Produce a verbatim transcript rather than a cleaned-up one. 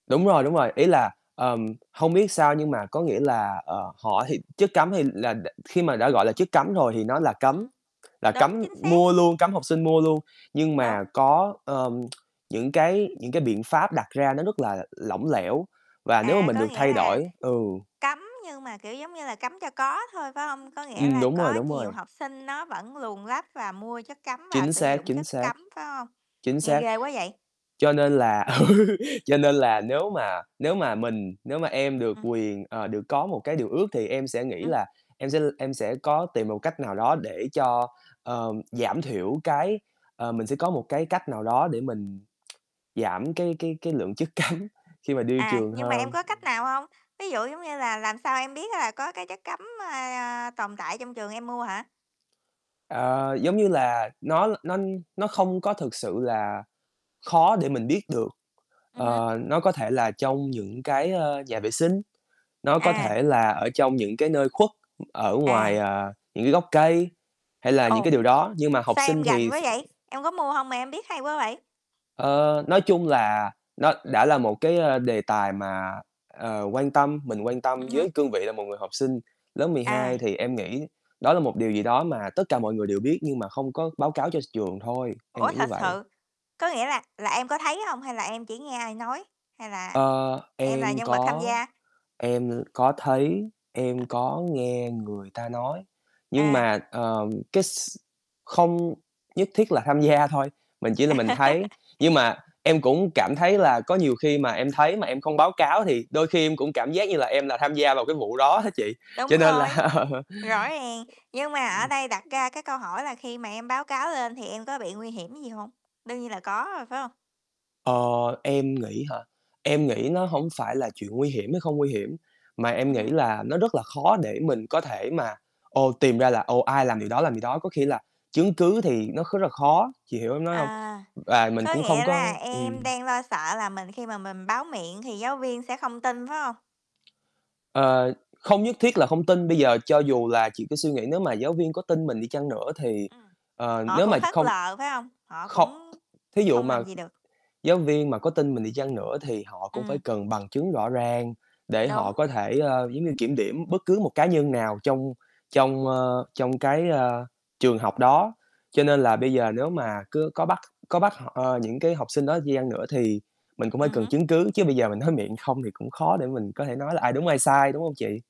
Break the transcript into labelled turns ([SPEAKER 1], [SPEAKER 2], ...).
[SPEAKER 1] Đúng rồi, đúng rồi, ý là, ừm, hông biết sao nhưng mà có nghĩa là, ờ, họ thì chất cấm thì là đ khi mà đã, gọi là, chất cấm rồi thì nó là cấm,
[SPEAKER 2] Ừm.
[SPEAKER 1] là
[SPEAKER 2] Đúng,
[SPEAKER 1] cấm
[SPEAKER 2] chính xác.
[SPEAKER 1] mua luôn, cấm học sinh mua luôn, nhưng
[SPEAKER 2] Đúng.
[SPEAKER 1] mà có, ờm, những cái những cái biện pháp đặt ra nó rất là lỏng lẻo và nếu mà
[SPEAKER 2] À,
[SPEAKER 1] mình
[SPEAKER 2] có
[SPEAKER 1] được
[SPEAKER 2] nghĩa
[SPEAKER 1] thay
[SPEAKER 2] là
[SPEAKER 1] đổi ừ.
[SPEAKER 2] cấm nhưng mà, kiểu, giống như là, cấm cho có thôi, phải hông? Có nghĩa
[SPEAKER 1] Ừm,
[SPEAKER 2] là
[SPEAKER 1] đúng rồi,
[SPEAKER 2] có
[SPEAKER 1] đúng
[SPEAKER 2] nhiều
[SPEAKER 1] rồi.
[SPEAKER 2] học sinh nó vẫn luồn lách và mua chất cấm và
[SPEAKER 1] Chính
[SPEAKER 2] sử
[SPEAKER 1] xác,
[SPEAKER 2] dụng
[SPEAKER 1] chính
[SPEAKER 2] chất
[SPEAKER 1] xác.
[SPEAKER 2] cấm, phải hông?
[SPEAKER 1] Chính
[SPEAKER 2] Nghe
[SPEAKER 1] xác.
[SPEAKER 2] ghê quá vậy.
[SPEAKER 1] Cho nên là ừ, cho nên là nếu mà nếu mà mình nếu mà em được
[SPEAKER 2] [unintelligible]
[SPEAKER 1] quyền, ờ, được có một cái điều ước thì em sẽ nghĩ
[SPEAKER 2] [unintelligible]
[SPEAKER 1] là em sẽ l em sẽ có tìm một cách nào đó để cho, ờ, giảm thiểu cái ờ, mình sẽ có một cái cách nào đó để mình giảm cái cái cái lượng chất cấm khi mà đi
[SPEAKER 2] À,
[SPEAKER 1] trường
[SPEAKER 2] nhưng mà em
[SPEAKER 1] hơn.
[SPEAKER 2] có cách
[SPEAKER 1] Ừm.
[SPEAKER 2] nào hông? Ví dụ, giống như là, làm sao em biết á là có cái chất cấm, a, a, tồn tại trong trường, em mua hả?
[SPEAKER 1] Ờ, giống như là, nó l nó nó không có thực sự là khó để mình biết được,
[SPEAKER 2] Ừm hứm.
[SPEAKER 1] ờ, nó có thể là trong những cái, ơ, nhà vệ sinh, nó có
[SPEAKER 2] À.
[SPEAKER 1] thể là ở trong những cái nơi khuất, ở ngoài,
[SPEAKER 2] À.
[SPEAKER 1] à, những cái gốc cây hay là những
[SPEAKER 2] Ồ,
[SPEAKER 1] cái điều đó nhưng mà học
[SPEAKER 2] sao
[SPEAKER 1] sinh
[SPEAKER 2] em rành
[SPEAKER 1] thì s
[SPEAKER 2] quá vậy? Em có mua hông mà em biết hay quá vậy?
[SPEAKER 1] Ờ, nói chung là nó đã là một cái, ơ, đề tài mà, ờ, quan tâm mình quan tâm
[SPEAKER 2] Ừm
[SPEAKER 1] với
[SPEAKER 2] hứm.
[SPEAKER 1] cương vị là một người học sinh lớp mười hai
[SPEAKER 2] À.
[SPEAKER 1] thì em nghĩ đó là một điều gì đó mà tất cả mọi người đều biết nhưng mà không có báo cáo cho trường thôi, em
[SPEAKER 2] Ủa,
[SPEAKER 1] nghĩ như
[SPEAKER 2] thật
[SPEAKER 1] vậy.
[SPEAKER 2] sự, có nghĩa là là em có thấy hông hay là em chỉ nghe ai nói, hay là
[SPEAKER 1] Ờ,
[SPEAKER 2] em là
[SPEAKER 1] em
[SPEAKER 2] nhân vật tham
[SPEAKER 1] có
[SPEAKER 2] gia?
[SPEAKER 1] em l có thấy, em có nghe người ta nói, nhưng
[SPEAKER 2] À.
[SPEAKER 1] mà, ờ, cái x không nhất thiết là tham gia thôi, mình chỉ là mình thấy, nhưng mà em cũng cảm thấy là có nhiều khi mà em thấy mà em không báo cáo thì đôi khi em cũng cảm giác như là em là tham gia vào cái vụ đó á chị, cho
[SPEAKER 2] Đúng
[SPEAKER 1] nên
[SPEAKER 2] rồi,
[SPEAKER 1] là Ừm.
[SPEAKER 2] rõ ràng. Nhưng mà ở đây đặt ra cái câu hỏi là khi mà em báo cáo lên thì em có bị nguy hiểm gì hông? Đương nhiên là có rồi phải hông?
[SPEAKER 1] Ờ, em nghĩ hả? Em nghĩ
[SPEAKER 2] Ừm.
[SPEAKER 1] nó hổng phải là chuyện nguy hiểm hay không nguy hiểm, mà em
[SPEAKER 2] Ừm
[SPEAKER 1] nghĩ
[SPEAKER 2] hứm.
[SPEAKER 1] là nó rất là khó để mình có thể mà, ồ, tìm ra là, ồ, ai làm điều đó, làm gì đó, có khi là chứng cứ thì nó kh là khó, chị hiểu em nói hông?
[SPEAKER 2] À,
[SPEAKER 1] Và mình
[SPEAKER 2] có
[SPEAKER 1] cũng không
[SPEAKER 2] nghĩa là
[SPEAKER 1] có
[SPEAKER 2] em
[SPEAKER 1] ừm.
[SPEAKER 2] đang lo sợ là mình khi mà mình báo miệng thì giáo viên sẽ không tin, phải hông?
[SPEAKER 1] Ờ, không nhất thiết là không tin, bây giờ cho dù là chị cứ suy nghĩ nếu mà giáo viên có tin mình đi chăng nữa thì,
[SPEAKER 2] Ừm,
[SPEAKER 1] ờ,
[SPEAKER 2] họ
[SPEAKER 1] nếu mà
[SPEAKER 2] cũng
[SPEAKER 1] chị
[SPEAKER 2] phớt
[SPEAKER 1] không
[SPEAKER 2] lờ, phải hông? Họ
[SPEAKER 1] không
[SPEAKER 2] cũng
[SPEAKER 1] thí dụ
[SPEAKER 2] không
[SPEAKER 1] mà
[SPEAKER 2] làm gì được.
[SPEAKER 1] giáo viên mà có tin mình đi chăng nữa thì họ cũng phải
[SPEAKER 2] Ừm.
[SPEAKER 1] cần bằng chứng rõ ràng để họ
[SPEAKER 2] Đúng.
[SPEAKER 1] có thể, ơ, giống như, kiểm điểm bất cứ một cá nhân nào trong trong, ơ, trong cái, a, trường học đó. Cho nên là bây
[SPEAKER 2] Ừm.
[SPEAKER 1] giờ nếu mà cứ có bắt có bắt họ ơ, những cái học sinh đó di chăng nữa thì mình cũng phải
[SPEAKER 2] Ừm
[SPEAKER 1] cần
[SPEAKER 2] hứm.
[SPEAKER 1] chứng cứ, chứ bây giờ mình nói miệng không thì cũng khó để mình có thể nói là ai đúng, ai sai, đúng hông chị?